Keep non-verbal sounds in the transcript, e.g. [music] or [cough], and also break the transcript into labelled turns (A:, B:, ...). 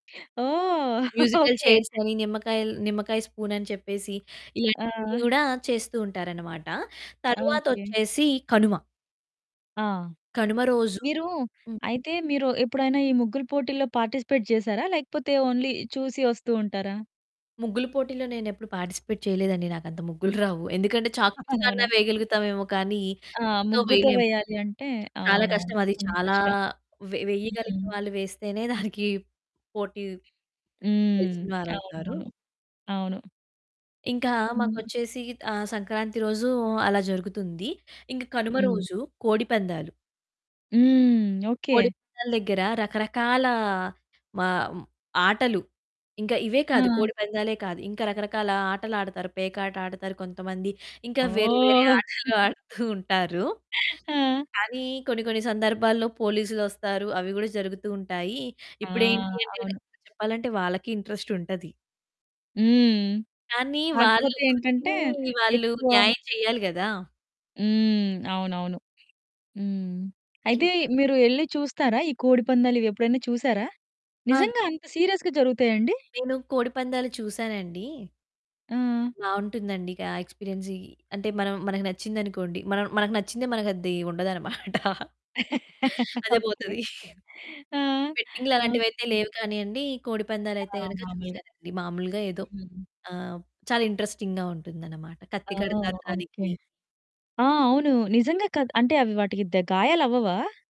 A: ఓహ్!
B: Musical
A: okay.
B: చైర్సని, నిమ్మకాయ ల్ నిమ్మకాయ స్పూనని చెప్పేసి, ఇలాంటివన్నీ
A: ఆ!
B: కూడా చేస్తూ ఉంటారన్నమాట.
A: ఓకే.
B: తరువాతొచ్చేసి కనుమ.
A: ఆ!
B: కనుమ రోజు
A: మీరు,
B: హ్మ్.
A: అయితే మీరు ఎప్పుడైనా, ఈ ముగ్గురు పోటీల్లో పార్టిసిపేట్ చేసారా? లేకపోతే ఓన్లీ చూసి వస్తూ ఉంటారా?
B: ముగ్గుల పోటీలో నేనెప్పుడు పార్టిసిపేట్ చేయలేదండి. నాకు అంత ముగ్గులు రావు. ఎందుకంటే, చాక్ పీస్
A: [giggles] అవునా?
B: వేయగలుగుతామేమో కానీ
A: ఆ!
B: ముగ్గుతో
A: ముగ్గుతో
B: వేయలేము.
A: వేయాలి అంటే
B: చాలా
A: అవునవును.
B: కష్టమది.
A: కొంచం
B: చాలా
A: కష్టం.
B: వె
A: హ్మ్.
B: వెయ్యగలిగిన వాళ్ళు వేస్తేనే దానికి [giggles] పోటీ
A: హ్మ్.
B: గెలిచిన వారవుతారు.
A: అవునవును. అవును.
B: ఇంకా
A: హ్మ్.
B: మాకొచ్చేసి, ఆహ్, సంక్రాంతి రోజు అలా జరుగుతుంది. ఇంకా కనుమ
A: హ్మ్.
B: రోజు కోడిపందాలు.
A: హ్మ్. ఓకే.
B: కోడిపందాల దగ్గర రకరకాల మా ఆటలు. ఇంకా ఇవే కాదు
A: ఆ!
B: కోడిపందాలే కాదు, ఇంకా రకరకాల ఆటలాడతారు. పేకాటాడతారు కొంతమంది, ఇంకా వేరే, వేరే
A: ఓహ్!
B: ఆటలు
A: [giggles]
B: ఆడుతూ ఉంటారు.
A: ఆ!
B: కానీ కొన్ని, కొన్ని సందర్భాల్లో పోలీసులొస్తారు అవి కూడా జరుగుతూ ఉంటాయి.
A: ఆ!
B: ఇప్పుడేంటి అంటే రె
A: అవును.
B: చెప్పాలంటే, వాళ్ళకి ఇంట్రెస్టుంటది.
A: హ్మ్.
B: కానీ, వాళ్ళు
A: కాకపోతే ఏంటంటే
B: వృత్తిని వాళ్ళు
A: ఎక్కువ
B: న్యాయం చెయ్యాలి కదా!
A: హ్మ్. అవునవును. హ్మ్. అయితే
B: ఇన్
A: మీరు ఎళ్లి చూస్తారా? ఈ కోడి పందాలు ఇవెప్పుడైనా చూసారా?
B: ఆన్
A: నిజంగా అంత సీరియస్‌గా జరుగుతాయండి?
B: నేను కోడిపందాలు చూసానండి.
A: ఆ!
B: బాగుంటుందండి. కా ఎక్స్‌పీరియన్స్‌యి. అంటే మనం మనకి నచ్చిందనుకోండి మనం మనకు నచ్చిందే మన అది ఉండదన్నమాట.
A: [laughs]
B: అదే
A: ఓకే.
B: పోతది.
A: ఆ!
B: బెట్టింగ్లు అలాంటివి అయితే
A: ఓకే.
B: లేవు కానియండి, కోడిపందాలు అయితే
A: ఆ!
B: గనక
A: మాములుగా.
B: చూసానండి. మామూలుగా ఏదో
A: హ్మ్.
B: ఆహ్, చాలా ఇంటరెస్టింగ్‌గా ఉంటుందన్నమాట. కత్తి
A: ఓహ్!
B: కడతారు
A: ఓకే.
B: దానికి.
A: ఆ! అవును. నిజంగా కాద్ అంటే అవి వాటికి దె గాయాలవ్వవా?